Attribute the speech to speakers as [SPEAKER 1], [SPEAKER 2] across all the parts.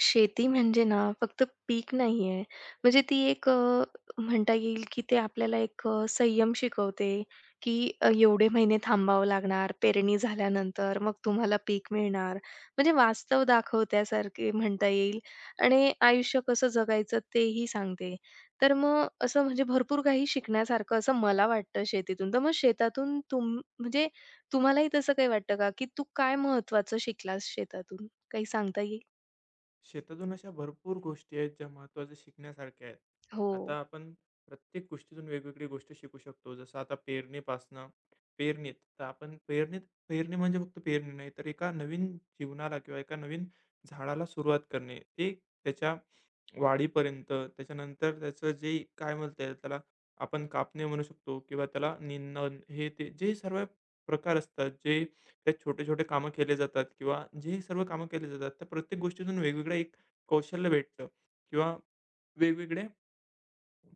[SPEAKER 1] शेती म्हणजे ना फक्त पीक नाही आहे. म्हणजे ती एक अ, म्हणता येईल की ते आपल्याला एक अ, संयम शिकवते की एवढे महिने थांबावं लागणार, पेरणी झाल्यानंतर, मग तुम्हाला पीक मिळणार म्हणजे वास्तव दाखवत्यासारखे म्हणता येईल. आणि आयुष्य कसं जगायचं ते ही सांगते, तर मग असं म्हणजे भरपूर काही शिकण्यासारखं असं मला वाटतं शेतीतून. तर मग शेतातून तुम म्हणजे तुम्हालाही तसं काही वाटतं का की तू काय महत्त्वाचं शिकलास शेतातून. काही सांगता येईल?
[SPEAKER 2] शेतातून अशा भरपूर गोष्टी आहेत ज्या महत्वाच्या शिकण्यासारख्या आहेत.
[SPEAKER 1] हो.
[SPEAKER 2] आता आपण प्रत्येक गोष्टीतून वेगवेगळी गोष्टी शिकू शकतो. जसं आता पेरणीपासनं पेरणीत तर आपण पेरणीत पेरणी म्हणजे फक्त पेरणी नाही तर एका नवीन जीवनाला किंवा एका नवीन झाडाला सुरुवात करणे, ते त्याच्या वाढीपर्यंत. त्याच्यानंतर त्याचं जे काय म्हणता येईल त्याला, आपण कापणे म्हणू शकतो किंवा त्याला निं नण हे ते जे सर्व प्रकार असतात जे ते छोटे-छोटे कामं केले जातात किंवा जे ही सर्व कामं केली जातात त्या प्रत्येक गोष्टीतून वेगवेगळं एक कौशल्य भेटतं किंवा वेगवेगळ्या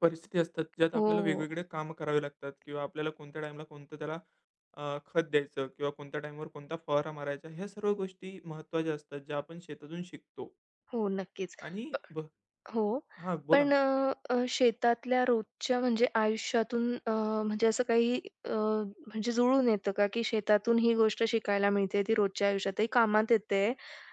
[SPEAKER 2] परिस्थिती असतात. ज्यात
[SPEAKER 1] हो,
[SPEAKER 2] आपल्याला
[SPEAKER 1] हो.
[SPEAKER 2] वेगवेगळे कामं करावे लागतात किंवा आपल्याला कोणत्या टाईमला कोणतं त्याला अ, खत द्यायचं किंवा कोणत्या टाईमवर कोणता फवारा मारायचा. ह्या सर्व गोष्टी महत्त्वाच्या असतात ज्या आपण शेतातून शिकतो.
[SPEAKER 1] हो नक्कीच.
[SPEAKER 2] आणि बह
[SPEAKER 1] हो,
[SPEAKER 2] हां, बोला
[SPEAKER 1] पण
[SPEAKER 2] ना.
[SPEAKER 1] अ, अ, शेतातल्या रोजच्या म्हणजे आयुष्यातून अ, म्हणजे असं काही अ, म्हणजे जुळून येतं का, की शेतातून ही गोष्ट शिकायला मिळते, ती रोजच्या आयुष्यात ही कामात येते.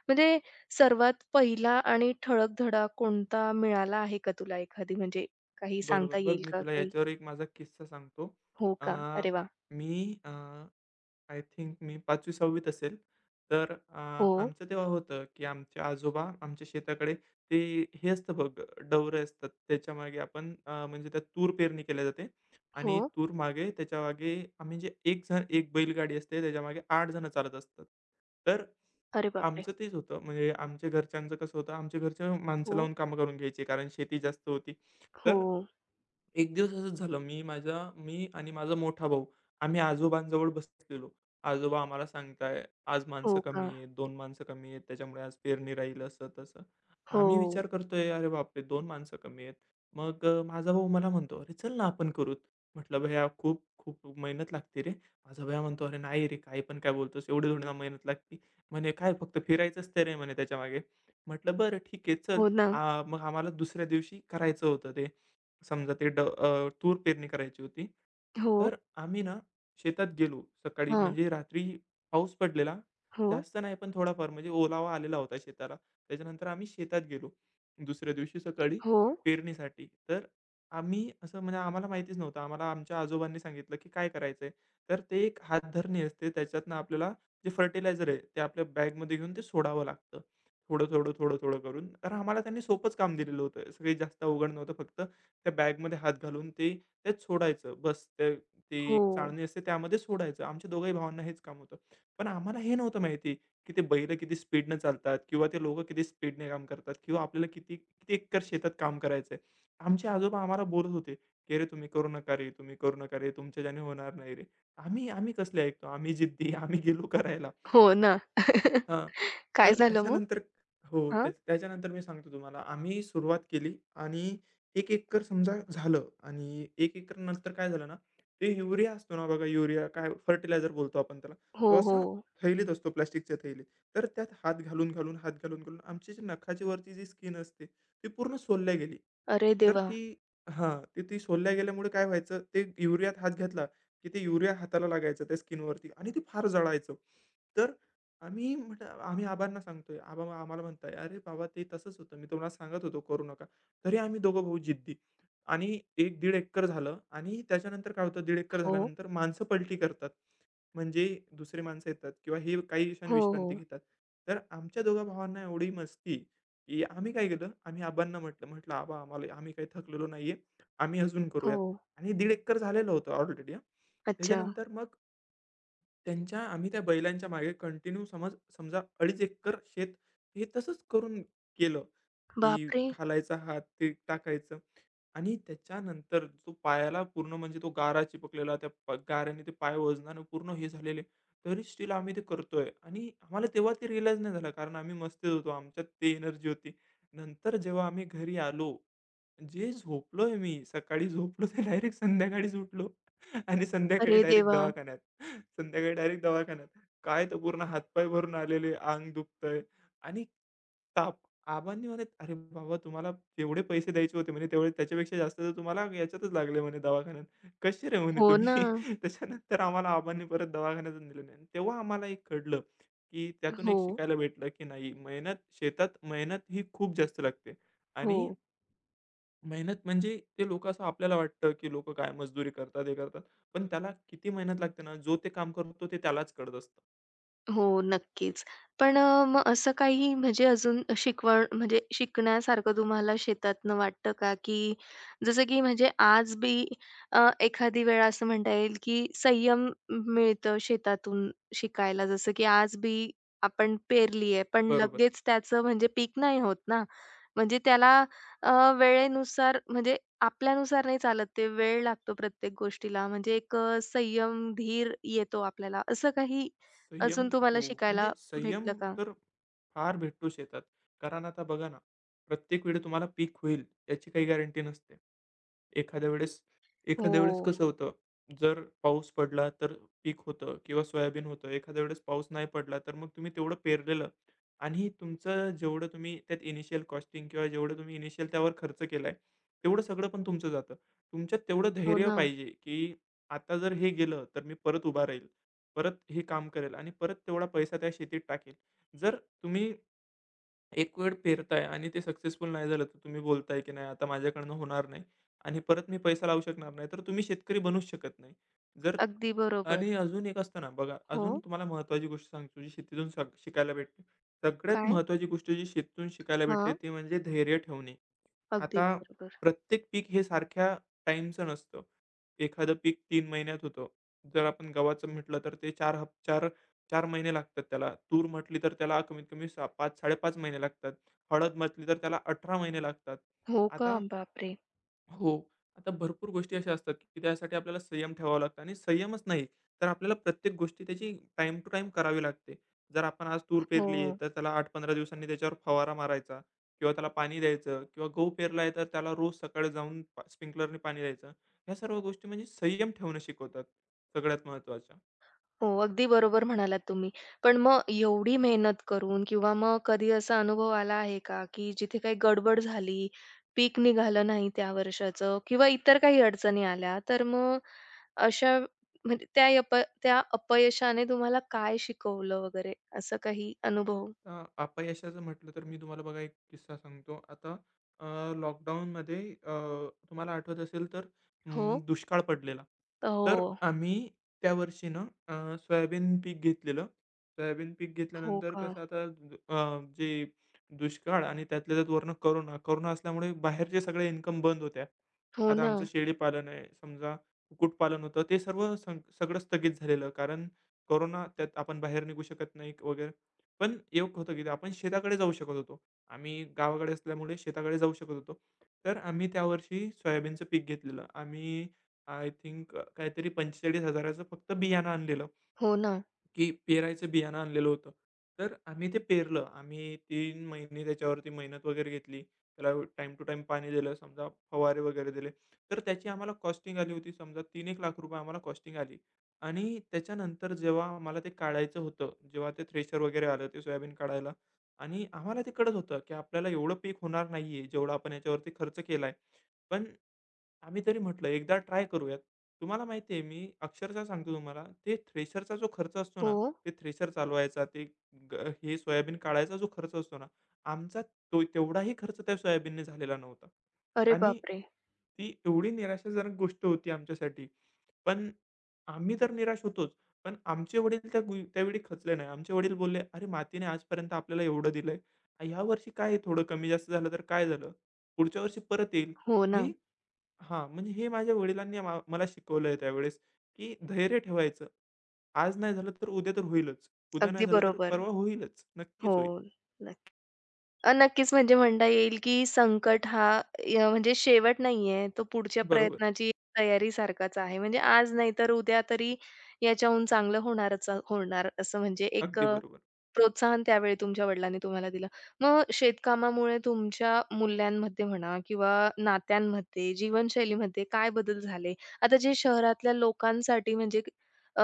[SPEAKER 1] म्हणजे सर्वात पहिला आणि ठळक धडा कोणता मिळाला आहे का तुला एखादी, म्हणजे काही सांगता
[SPEAKER 2] बरोबर. बघ
[SPEAKER 1] येईल
[SPEAKER 2] मी
[SPEAKER 1] का
[SPEAKER 2] तुला
[SPEAKER 1] काही?
[SPEAKER 2] ह्याच्यावर एक माझा किस्सा सांगतो.
[SPEAKER 1] हो
[SPEAKER 2] अ,
[SPEAKER 1] का? अरे वाह!
[SPEAKER 2] मी अ, आय थिंक, मी 5वी -6वी असेल. तर अ,
[SPEAKER 1] हो.
[SPEAKER 2] आमचं तेव्हा होतं, की आमच्या आजोबा आमच्या शेताकडे ते, हे असतं बघ, डवरे असतात, त्याच्यामागे आपण अ, म्हणजे त्यात तूर पेरणी केल्या जाते आणि
[SPEAKER 1] हो.
[SPEAKER 2] तूर मागे, त्याच्यामागे आम्ही जे 1 जण, 1 बैलगाडी असते, त्याच्यामागे 8 जणं चालत असतात. तर,
[SPEAKER 1] अरे बापरे!
[SPEAKER 2] आमचं तेच होतं. म्हणजे आमच्या घरच्यांचं कसं होतं, आमच्या घरचे माणसं
[SPEAKER 1] हो.
[SPEAKER 2] लावून कामं करून घ्यायची, कारण शेती जास्त होती. तर,
[SPEAKER 1] हो.
[SPEAKER 2] एक दिवस असंच झालं मी माझ्या मी आणि माझा मोठा भाऊ, आम्ही आजोबांजवळ बसलेलो. आजोबा आम्हाला सांगता आहेत, "आज
[SPEAKER 1] हो,
[SPEAKER 2] माणसं
[SPEAKER 1] का?
[SPEAKER 2] कमी आहेत, 2 माणसं कमी आहेत, त्याच्यामुळे आज पेरणी राहील असं-तसं." आम्ही
[SPEAKER 1] हो.
[SPEAKER 2] विचार करतोय अरे, बापरे! 2 माणसं कमी आहेत. मग अ, माझा भाऊ मला म्हणतो "अरे चल ना, आपण करूत," म्हटलं "भैया खूप खूप मेहनत लागती रे." माझा भैया म्हणतो "अरे नाही रे, काही पण काय बोलतोस, एवढी थोडी ना, मेहनत लागते" म्हणे "काय फक्त फिरायचंच तर आहे म्हणे त्याच्यामागे." म्हटलं "बरं ठीक आहे चल."
[SPEAKER 1] हो ना.
[SPEAKER 2] आ, मग आम्हाला दुसऱ्या दिवशी करायचं होतं ते. समजा ते, ड अ, तूर पेरणी करायची होती.
[SPEAKER 1] हो.
[SPEAKER 2] तर आम्ही ना, शेतात गेलो. सकाळी
[SPEAKER 1] हां.
[SPEAKER 2] म्हणजे रात्री पाऊस पडलेला.
[SPEAKER 1] हो.
[SPEAKER 2] जास्त नाही पण थोडाफार, म्हणजे ओलावा आलेला होता शेताला. त्याच्यानंतर आम्ही शेतात गेलो, दुसऱ्या दिवशी सकाळी
[SPEAKER 1] हो.
[SPEAKER 2] पेरणीसाठी. तर आम्ही असं म्हणजे आम्हाला माहितीच नव्हतं. आम्हाला आमच्या आजोबांनी सांगितलं, की काय करायचं आहे? तर ते एक हात धरणी असते. त्याच्यातनं आपल्याला जे फर्टिलायझर आहे, ते आपल्या बॅगमध्ये घेऊन ते सोडावं लागतं. थोडं, थोडं, थोडं, थोडं करून. तर आम्हाला त्यांनी सोपंच काम दिलेलं होतं. तस काही जास्त अवघड नव्हतं, फक्त त्या बॅगमध्ये हात घालून ते ते सोडायचं. बस ते ते एक
[SPEAKER 1] हो.
[SPEAKER 2] चाळणी असते त्यामध्ये सोडायचं. आमच्या दोघे ही भावांना हेच काम होतं. पण आम्हाला हे नव्हतं माहिती, की ते बैलं किती स्पीडने चालतात, किंवा ते लोकं किती स्पीडने काम करतात, किंवा आपल्याला किती किती एकर शेतात काम करायचं आहे. आमचे आजोबा आम्हाला बोलत होते, की "अरे तुम्ही करू नका रे तुम्ही करू नका रे. तुमच्या ज्याने होणार नाही रे." आम्ही आम्ही कसले ऐकतो, आम्ही जिद्दी, आम्ही गेलो करायला.
[SPEAKER 1] हो, ना.
[SPEAKER 2] हां. तर
[SPEAKER 1] काय झालं मग?
[SPEAKER 2] त्याच्यानंतर हो
[SPEAKER 1] हं.
[SPEAKER 2] त्याच त्याच्यानंतर मी सांगतो तुम्हाला. आम्ही सुरुवात केली आणि 1 एकर समजा झालं. आणि 1 एकर नंतर काय झालं ना, ते युरिया असतो ना, बघा युरिया काय बोलतो आपण त्याला. तो
[SPEAKER 1] हो,
[SPEAKER 2] असा
[SPEAKER 1] हो.
[SPEAKER 2] थैलीत असतो, प्लास्टिकच्या थैलीत. तर त्यात हात घालून-घालून हात घालून-घालून आमची जी नखाच्या वरची जी स्किन असते, ती पूर्ण सोलल्या गेली.
[SPEAKER 1] अरे
[SPEAKER 2] तर
[SPEAKER 1] देवा!
[SPEAKER 2] ती हां, तर ती सोलल्या गेल्यामुळे काय व्हायचं, ते युरियात हात घातला, की ते युरिया हाताला लागायचं त्या स्किनवरती आणि ते फार जळायचं. तर आम्ही म्हटलं आम्ही आबांना सांगतोय आबा, आम्हाला म्हणताय, "अरे बाबा ते तसंच होतं, मी तुम्हाला सांगत होतो करू नका." तरी आम्ही दोघं भाऊ जिद्दी. आणि एक-दीड एकर झालं आणि त्याच्यानंतर काय होतं दीड एकर
[SPEAKER 1] हो.
[SPEAKER 2] झाल्यानंतर, माणसं पलटी करतात. म्हणजे दुसरी माणसं येतात, किंवा हे काही क्षण
[SPEAKER 1] हो,
[SPEAKER 2] विश्रांती
[SPEAKER 1] हो.
[SPEAKER 2] घेतात. तर आमच्या दोघा भावांना एवढी मस्ती, की आम्ही काय केलं, आम्ही आबांना म्हटलं म्हंटलं "आबा आम्हाला आम्ही काही थकलेलो नाहीये, आम्ही अजून करूयात."
[SPEAKER 1] हो.
[SPEAKER 2] आणि दीड एकर झालेलं होतं ऑलरेडी हं.
[SPEAKER 1] अच्छा.
[SPEAKER 2] त्याच्यानंतर मग त्यांच्या, आम्ही त्या बैलांच्या मागे कंटिन्यू समज समजा 2.5 एकर शेत हे तसंच करून केलं
[SPEAKER 1] बाप
[SPEAKER 2] की
[SPEAKER 1] रे!
[SPEAKER 2] घालायचा हात ते टाकायचं आणि त्याच्यानंतर जो पायाला पूर्ण म्हणजे तो गारा चिपकलेला, त्या गाऱ्याने ते पाय वजनाने पूर्ण हे झालेले. तरी स्टिल आम्ही ते करतोय. आणि आम्हाला तेव्हा ते रिअलाईज नाही झालं कारण आम्ही मस्तीत होतो, आमच्यात ती एनर्जी होती. नंतर जेव्हा आम्ही घरी आलो, जे झोपलोय मी सकाळी झोपलो ते डायरेक्ट संध्याकाळीचं उठलो आणि संध्याकाळी
[SPEAKER 1] अरे
[SPEAKER 2] डायरेक्ट
[SPEAKER 1] देवा!
[SPEAKER 2] दवाखान्यात. संध्याकाळी डायरेक्ट दवाखान्यात काय तर पूर्ण हातपाय भरून आलेले, अंग दुखतंय आणि ताप. आबांनी म्हणे "अरे बाबा तुम्हाला जेवढे पैसे द्यायचे होते म्हणे तेवढे त्याच्यापेक्षा जास्त तर तुम्हाला ह्याच्यातच लागले म्हणे दवाखान्यात. कशी रे म्हणे
[SPEAKER 1] हो,
[SPEAKER 2] तुम्ही?"
[SPEAKER 1] ना.
[SPEAKER 2] त्याच्यानंतर आम्हाला अबांनी परत दवाखान्यातून दिलं नाही. तेव्हा आम्हाला एक कळलं, की त्यातून एक
[SPEAKER 1] हो.
[SPEAKER 2] शिकायला भेटलं की नाही मेहनत शेतात मेहनत ही खूप जास्त लागते आणि
[SPEAKER 1] हो.
[SPEAKER 2] मेहनत म्हणजे ते लोकं असं आपल्याला वाटतं, की लोकं काय मजदुरी करतात, हे करतात. पण त्याला किती मेहनत लागते ना जो ते काम करतो, ते त्यालाच कळत असतं.
[SPEAKER 1] हो नक्कीच. पण अ, मग असं काही म्हणजे अजून शिकवण म्हणजे शिकण्यासारखं तुम्हाला शेतातनं वाटतं का की जसं की म्हणजे आज बी अ, एखादी वेळ असं म्हणता येईल की संयम मिळतं शेतातून शिकायला जसं की आज बी, आपण पेरली आहे पण
[SPEAKER 2] बरोबर.
[SPEAKER 1] लगेच त्याचं म्हणजे पीक नाही होत ना. म्हणजे त्याला अ, वेळेनुसार म्हणजे आपल्यानुसार नाही चालत ते वेळ लागतो प्रत्येक गोष्टीला म्हणजे एक अ, संयम, धीर येतो आपल्याला असं काही
[SPEAKER 2] संयम
[SPEAKER 1] अजून तुम्हाला
[SPEAKER 2] हो,
[SPEAKER 1] शिकायला
[SPEAKER 2] म्हणजे
[SPEAKER 1] भेटलं
[SPEAKER 2] संयम
[SPEAKER 1] का?
[SPEAKER 2] तर फार भेटतो शेतात. कारण आता बघा ना, प्रत्येक वेळी तुम्हाला पीक होईल याची काही गॅरंटी नसते. एखाद्या वेळेस एखाद्या वेळेस
[SPEAKER 1] हो.
[SPEAKER 2] कसं होतं जर पाऊस पडला तर पीक होतं किंवा सोयाबीन होतं. एखाद्या वेळेस पाऊस नाही पडला तर मग तुम्ही तेवढं पेरलेलं आणि तुमचं जेवढं तुम्ही त्यात इनिशिअल कॉस्टिंग किंवा जेवढं तुम्ही इनिशिअल त्यावर खर्च केलाय तेवढं सगळं पण तुमचं जातं. तुमच्यात तेवढं
[SPEAKER 1] हो,
[SPEAKER 2] धैर्य
[SPEAKER 1] ना.
[SPEAKER 2] पाहिजे की आता जर हे गेलं तर मी परत उभा राहील, परत हे काम करेल आणि परत तेवढा पैसा त्या शेतीत टाकेल. जर तुम्ही एक वेळ पेरताय आणि ते सक्सेसफुल नाही झालं. तर तुम्ही बोलताय की नाही आता माझ्याकडनं होणार नाही आणि परत मी पैसा लावू शकणार नाही. तर तुम्ही शेतकरी बनूच शकत नाही. जर
[SPEAKER 1] अगदी बरोबर.
[SPEAKER 2] आणि अजून एक असतं ना, बघा अजून
[SPEAKER 1] हो.
[SPEAKER 2] तुम्हाला महत्वाची गोष्ट सांगतो जी शेतीतून शिका शिकायला भेटते. सगळ्यात
[SPEAKER 1] काय?
[SPEAKER 2] महत्त्वाची गोष्ट जी शेतीतून शिकायला भेटते
[SPEAKER 1] हां.
[SPEAKER 2] ती म्हणजे धैर्य ठेवणे.
[SPEAKER 1] अगदी
[SPEAKER 2] आता
[SPEAKER 1] बरोबर.
[SPEAKER 2] प्रत्येक पीक हे सारख्या टाईमच नसतं. एखादं पीक 3 महिन्यात होतं. जर आपण गव्हाचं म्हटलं तर ते 4 हफ 4 4 महिने लागतात त्याला. तूर म्हटली तर त्याला कमीत कमी 6 5-5.30 महिने लागतात. हळद म्हटली तर त्याला 18 महिने लागतात
[SPEAKER 1] हो का,
[SPEAKER 2] आता
[SPEAKER 1] बाप रे!
[SPEAKER 2] हो. आता भरपूर गोष्टी अशा असतात की त्यासाठी आपल्याला संयम ठेवावं लागतं. आणि संयमच नाही तर आपल्याला प्रत्येक गोष्टी त्याची टाईम टू टाईम करावी लागते. जर आपण आज तूर पेरली आहे,
[SPEAKER 1] हो.
[SPEAKER 2] तर त्याला 8-15 दिवसांनी त्याच्यावर फवारा मारायचा किंवा त्याला पाणी द्यायचं किंवा गहू पेरला आहे तर त्याला रोज सकाळी जाऊन प स्प्रिंकलरनी पाणी द्यायचं. ह्या सर्व गोष्टी म्हणजे संयम ठेवणं शिकवतात. सगळ्यात महत्त्वाच्या.
[SPEAKER 1] हो, अगदी बरोबर म्हणालात तुम्ही. पण मग एवढी मेहनत करून किंवा मग कधी असा अनुभव आला आहे का की जिथे काही गडबड झाली? पीक निघालं नाही त्या वर्षाचं किंवा इतर काही अडचणी आल्या तर मग अशा म्हणजे त्या प त्या अपयशाने तुम्हाला काय शिकवलं वगैरे असं काही अनुभव?
[SPEAKER 2] अ, अपयशाचं म्हटलं तर मी तुम्हाला बघा एक किस्सा सांगतो. आता अ, लॉकडाउनमध्ये अ, तुम्हाला आठवत असेल तर अ,
[SPEAKER 1] हो.
[SPEAKER 2] दुष्काळ पडलेला.
[SPEAKER 1] अ,
[SPEAKER 2] तर
[SPEAKER 1] हो.
[SPEAKER 2] आम्ही त्यावर्षी ना, अ, सोयाबीन पीक घेतलेलं. सोयाबीन पीक
[SPEAKER 1] हो,
[SPEAKER 2] घेतल्यानंतर
[SPEAKER 1] का?
[SPEAKER 2] कसं आता अ, जे दुष्काळ आणि त्यातल्या त्यात वरनं कोरोना. कोरोना असल्यामुळे बाहेरचे सगळे इन्कम बंद होत्या.
[SPEAKER 1] हो,
[SPEAKER 2] आता आमचं
[SPEAKER 1] ना.
[SPEAKER 2] शेळीपालन आहे. समजा कुक्कुटपालन होतं. तर ते सर्व संग सगळं स्थगित झालेलं. कारण कोरोना त्यात आपण बाहेर निघू शकत नाही वगैरे. पण एक होतं की आपण शेताकडे जाऊ शकत होतो. आम्ही गावाकडे असल्यामुळे शेताकडे जाऊ शकत होतो. तर आम्ही त्यावर्षी सोयाबीनचं पीक घेतलेलं. आम्ही आय थिंक अ, काहीतरी 45,000चं फक्त बियाणं आणलेलं.
[SPEAKER 1] हो, ना.
[SPEAKER 2] की पेरायचं बियाणं आणलेलं होतं. तर आम्ही ते पेरलं. आम्ही 3 महिने त्याच्यावरती मेहनत वगैरे घेतली, त्याला टाईम टू टाईम पाणी दिलं. समजा फवारे वगैरे दिले. तर त्याची आम्हाला कॉस्टिंग आली होती. समजा तीन एक लाख रुपये आम्हाला कॉस्टिंग आली. आणि त्याच्यानंतर जेव्हा आम्हाला ते काढायचं होतं जेव्हा ते थ्रेशर वगैरे आलं ते सोयाबीन काढायला आणि आम्हाला ते कळत होतं की आपल्याला एवढं पीक होणार नाही आहे. जेवढा आपण ह्याच्यावरती खर्च केलाय. पण आम्ही तरी म्हटलं एकदा ट्राय करूयात. तुम्हाला माहिती आहे मी अक्षरशः सांगतो तुम्हाला ते थ्रेशरचा जो खर्च असतो ना,
[SPEAKER 1] हो.
[SPEAKER 2] ते थ्रेशर चालवायचा ते ग हे सोयाबीन काढायचा जो खर्च असतो ना, आमचा तो तेवढाही खर्च त्या सोयाबीनने झालेला नव्हता.
[SPEAKER 1] अरे
[SPEAKER 2] आणि
[SPEAKER 1] बापरे!
[SPEAKER 2] ती एवढी निराशाजनक गोष्ट होती आमच्यासाठी, पण आम्ही तर निराश होतोच. पण आमचे वडील त्या गुई त्यावेळी खचले नाही. आमचे वडील बोलले, अरे मातीने आजपर्यंत आपल्याला एवढं दिलंय. आणि ह्या वर्षी काय आहे थोडं कमी जास्त झालं तर काय झालं? पुढच्या वर्षी परत येईल.
[SPEAKER 1] हो, ना.
[SPEAKER 2] ही हां म्हणजे हे माझ्या वडिलांनी आम मला शिकवलंय त्यावेळेस की धैर्य ठेवायचं. आज नाही झालं तर उद्या तर होईलच. उद्या नाही
[SPEAKER 1] अगदी
[SPEAKER 2] झालं तर
[SPEAKER 1] बरोबर,
[SPEAKER 2] परवा होईलच.
[SPEAKER 1] हो
[SPEAKER 2] नक्कीच होईल.
[SPEAKER 1] नक्की. अ, नक्कीच म्हणजे म्हणता येईल की संकट हा य म्हणजे शेवट नाही आहे, तो पुढच्या
[SPEAKER 2] बरोबर.
[SPEAKER 1] प्रयत्नाची तयारी सारखाच आहे. म्हणजे आज नाही तर उद्या तरी याच्याहून चांगलं होणारच होणार असं म्हणजे एक
[SPEAKER 2] अगदी
[SPEAKER 1] अ,
[SPEAKER 2] बरोबर.
[SPEAKER 1] प्रोत्साहन त्यावेळी तुमच्या वडिलांनी तुम्हाला दिलं. मग शेत कामामुळे तुमच्या मूल्यांमध्ये म्हणा, किंवा नात्यांमध्ये, जीवनशैलीमध्ये काय बदल झाले आता जे शहरातल्या लोकांसाठी म्हणजे अ,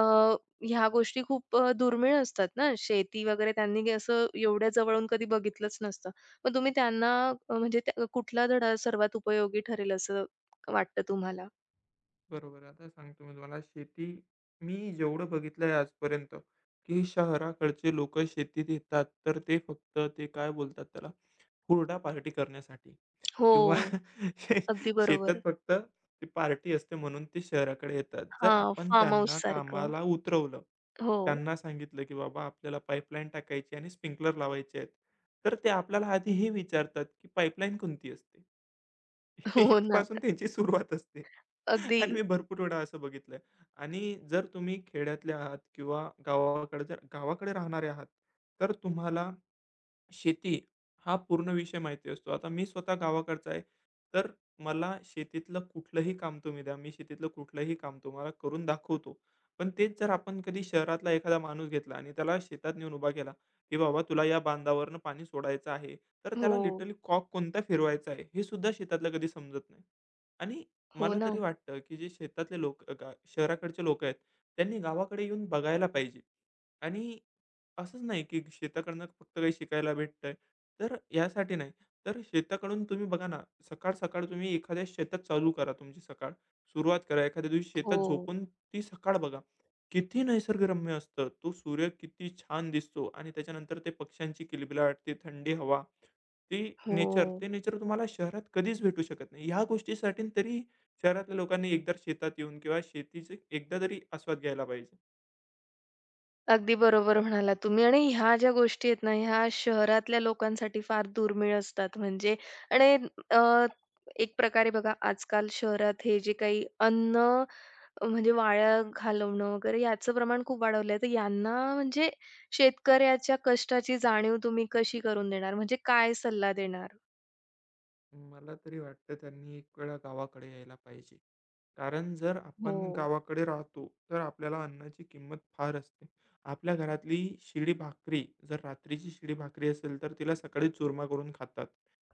[SPEAKER 1] ह्या गोष्टी खूप अ, दुर्मिळ असतात ना, शेती वगैरे त्यांनी असं एवढ्या जवळून कधी बघितलंच नसतं, मग तुम्ही त्यांना अ, म्हणजे त्या कुठला धडा सर्वात उपयोगी ठरेल असं वाटतं तुम्हाला?
[SPEAKER 2] बरोबर आहे. आता सांगतो मी तुम्हाला शेती मी जेवढं बघितलंय आजपर्यंत, की शहराकडचे लोकं शेतीत येतात तर ते फक्त ते काय बोलतात त्याला हुरडा पार्टी करण्यासाठी
[SPEAKER 1] हो,
[SPEAKER 2] किंवा
[SPEAKER 1] अगदी
[SPEAKER 2] शेतात
[SPEAKER 1] बरोबर.
[SPEAKER 2] फक्त ती पार्टी असते म्हणून ते शहराकडे येतात. जर
[SPEAKER 1] हां.
[SPEAKER 2] आपण
[SPEAKER 1] फार्म
[SPEAKER 2] त्यांना
[SPEAKER 1] हाऊससारखं.
[SPEAKER 2] कामाला उतरवलं,
[SPEAKER 1] हो.
[SPEAKER 2] त्यांना सांगितलं की बाबा आपल्याला पाईपलाईन टाकायची आणि स्प्रिंकलर लावायचे आहेत. तर ते आपल्याला आधी हे विचारतात की पाईपलाईन कोणती असते?
[SPEAKER 1] हो ना.
[SPEAKER 2] इथपासून त्यांची सुरुवात असते आणि
[SPEAKER 1] अगदी.
[SPEAKER 2] मी भरपूर वेळा असं बघितलंय आणि जर तुम्ही खेड्यातले आहात किंवा गावाकड गावाकडे राहणारे आहात तर तुम्हाला शेती हा पूर्ण विषय माहिती असतो. आता मी स्वतः गावाकडचा आहे, तर मला शेतीतलं कुठलंही काम तुम्ही द्या. मी शेतीतलं कुठलंही काम तुम्हाला करून दाखवतो. पण तेच जर आपण कधी शहरातला एखादा माणूस घेतला आणि त्याला शेतात नेऊन उभा केला की बाबा तुला या बांधावरनं पाणी सोडायचं आहे तर त्याला
[SPEAKER 1] हो.
[SPEAKER 2] लिटरली कॉक कोणता फिरवायचा आहे हे सुद्धा शेतातला कधी समजत नाही आणि
[SPEAKER 1] हो
[SPEAKER 2] मला तरी
[SPEAKER 1] ना.
[SPEAKER 2] वाटतं की जे शेतातले लोक शहराकडचे लोक आहेत त्यांनी गावाकडे येऊन बघायला पाहिजे आणि असंच नाही की शेताकडनं फक्त काही शिकायला भेटतंय. तर ह्यासाठी नाही. तर शेताकडून तुम्ही बघा ना सकाळ-सकाळ तुम्ही एखाद्या शेतात चालू करा तुमची सकाळ. सुरुवात करा. एखाद्या दिवशी शेतात
[SPEAKER 1] हो.
[SPEAKER 2] झोपून ती सकाळ बघा. किती निसर्गरम्य असतं. तो सूर्य किती छान दिसतो आणि त्याच्यानंतर ते पक्ष्यांची किलबिलाट, ते, थंडी हवा. ती नेचर,
[SPEAKER 1] हो.
[SPEAKER 2] ते नेचर तुम्हाला शहरात कधीच भेटू शकत नाही. ह्या गोष्टीसाठी तरी शहरातल्या लोकांनी एकदा शेतात येऊन किंवा शेतीचे एकदा तरी आस्वाद घ्यायला पाहिजे.
[SPEAKER 1] अगदी बरोबर म्हणालात तुम्ही आणि ह्या ज्या गोष्टी आहेत ना, ह्या शहरातल्या लोकांसाठी फार दुर्मिळ असतात म्हणजे आणि अ, एक प्रकारे बघा आजकाल शहरात हे जे काही अन्न म्हणजे वाया घालवणं वगैरे याचं प्रमाण खूप वाढवलं आहे. तर यांना म्हणजे शेतकऱ्याच्या कष्टाची जाणीव तुम्ही कशी करून देणार म्हणजे काय सल्ला देणार?
[SPEAKER 2] मला तरी वाटतं त्यांनी एक वेळा गावाकडे यायला पाहिजे. कारण जर आपण
[SPEAKER 1] हो.
[SPEAKER 2] गावाकडे राहतो तर आपल्याला अन्नाची किंमत फार असते. आपल्या घरातली शिळी भाकरी जर रात्रीची शिळी भाकरी असेल तर तिला सकाळी चुरमा करून खातात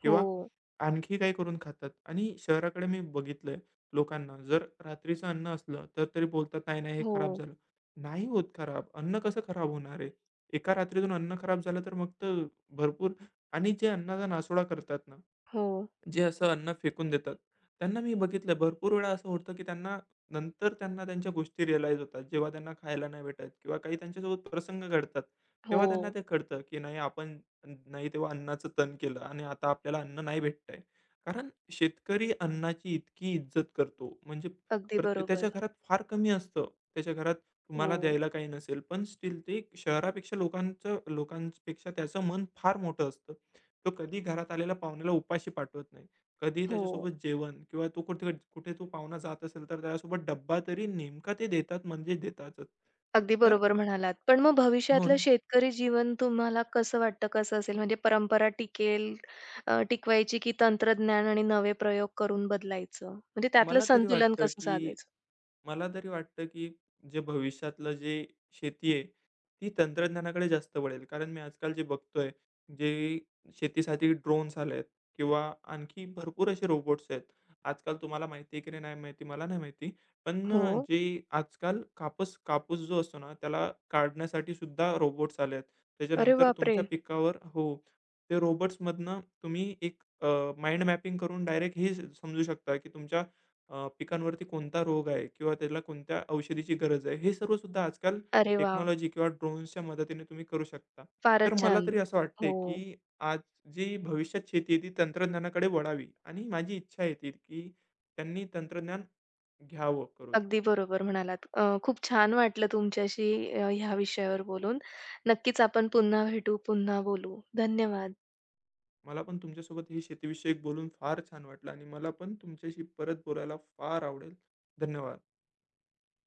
[SPEAKER 2] किंवा
[SPEAKER 1] हो.
[SPEAKER 2] आणखी काही करून खातात आणि शहराकडे मी बघितलंय लोकांना जर रात्रीचं अन्न असलं तर तरी बोलतात, "नाही, नाही, हे खराब
[SPEAKER 1] हो.
[SPEAKER 2] झालं." नाही होत खराब अन्न. कसं खराब होणार आहे? एका रात्रीतून अन्न खराब झालं तर मग तर भरपूर आणि जे अन्नाचा नासोडा करतात ना,
[SPEAKER 1] हो.
[SPEAKER 2] जे असं अन्न फेकून देतात. त्यांना मी बघितलं. भरपूर वेळा असं होतं, की त्यांना नंतर त्यांना त्यांच्या गोष्टी रिअलाईज होतात. जेव्हा त्यांना खायला नाही भेटत किंवा काही त्यांच्यासोबत प्रसंग घडतात तेव्हा त्यांना
[SPEAKER 1] हो.
[SPEAKER 2] ते कळत, की नाही आपण नाही तेव्हा अन्नाचं तण केलं आणि आता आपल्याला अन्न नाही भेटतंय. कारण शेतकरी अन्नाची इतकी इज्जत करतो. म्हणजे
[SPEAKER 1] अगदी
[SPEAKER 2] प्रते त्याच्या
[SPEAKER 1] बरोबर.
[SPEAKER 2] घरात फार कमी असतं. त्याच्या घरात तुम्हाला
[SPEAKER 1] हो.
[SPEAKER 2] द्यायला काही नसेल. पण स्टिल ते शहरापेक्षा लोकांचं लोकांपेक्षा त्याचं मन फार मोठं असतं. तो कधीही घरात आलेल्या पाहुण्याला उपाशी पाठवत नाही. कधीही
[SPEAKER 1] हो.
[SPEAKER 2] त्याच्यासोबत जेवण किंवा तो कुठ कुठे तो पाहुणा जात असेल तर त्याच्यासोबत डब्बा तरी नेमका ते देतात म्हणजेच देतातच.
[SPEAKER 1] अगदी
[SPEAKER 2] तर
[SPEAKER 1] बरोबर म्हणालात, पण मग
[SPEAKER 2] हो,
[SPEAKER 1] भविष्यातलं
[SPEAKER 2] ना.
[SPEAKER 1] शेतकरी जीवन तुम्हाला कसं वाटतं? कसं असेल म्हणजे परंपरा टिकेल, अ, टिकवायची की तंत्रज्ञान आणि नवे प्रयोग करून बदलायचं म्हणजे त्यातलं
[SPEAKER 2] मला तरी
[SPEAKER 1] संतुलन
[SPEAKER 2] वाटतं,
[SPEAKER 1] कसं
[SPEAKER 2] की
[SPEAKER 1] साधायचं?
[SPEAKER 2] मला तरी वाटतं, की जे भविष्यातलं जे शेती आहे ती तंत्रज्ञानाकडे जास्त वळेल. कारण मी आजकाल जे बघतोय जे शेतीसाठी ड्रोन्स आलेत किंवा आणखी भरपूर असे रोबोट्स आहेत. आजकाल तुम्हाला माहिती आहे की नाही? नाही माहिती, मला नाही माहिती. पण अ,
[SPEAKER 1] हो.
[SPEAKER 2] जे आजकाल कापस कापूस जो असतो ना त्याला काढण्यासाठी सुद्धा रोबोट्स आलेत.
[SPEAKER 1] अरे,
[SPEAKER 2] त्याच्यानंतर तुमच्या
[SPEAKER 1] बापरे!
[SPEAKER 2] पिकावर हो. ते रोबोट्समधनं तुम्ही एक अ, माइंड मॅपिंग करून डायरेक्ट हे समजू शकता, की तुमच्या अ, पिकांवरती कोणता रोग आहे किंवा त्याला कोणत्या औषधीची गरज आहे. हे सर्व सुद्धा आजकाल
[SPEAKER 1] अरे, वाह!
[SPEAKER 2] टेक्नॉलॉजी किंवा ड्रोन्सच्या मदतीने तुम्ही करू शकता. तर
[SPEAKER 1] फारच
[SPEAKER 2] मला
[SPEAKER 1] छान,
[SPEAKER 2] तरी असं वाटतंय,
[SPEAKER 1] हो.
[SPEAKER 2] की आज जी भविष्यात शेती आहे ती तंत्रज्ञानाकडे वळावी आणि माझी इच्छा आहे, की त्यांनी तंत्रज्ञान घ्यावं करून.
[SPEAKER 1] अगदी बरोबर म्हणालात. अ, खूप छान वाटलं तुमच्याशी अ, ह्या विषयावर बोलून. नक्कीच आपण पुन्हा भेटू, पुन्हा बोलू. धन्यवाद.
[SPEAKER 2] मला पण तुमच्यासोबत हे शेती विषयक बोलून फार छान वाटलं आणि मला पण तुमच्याशी परत बोलायला फार आवडेल. धन्यवाद.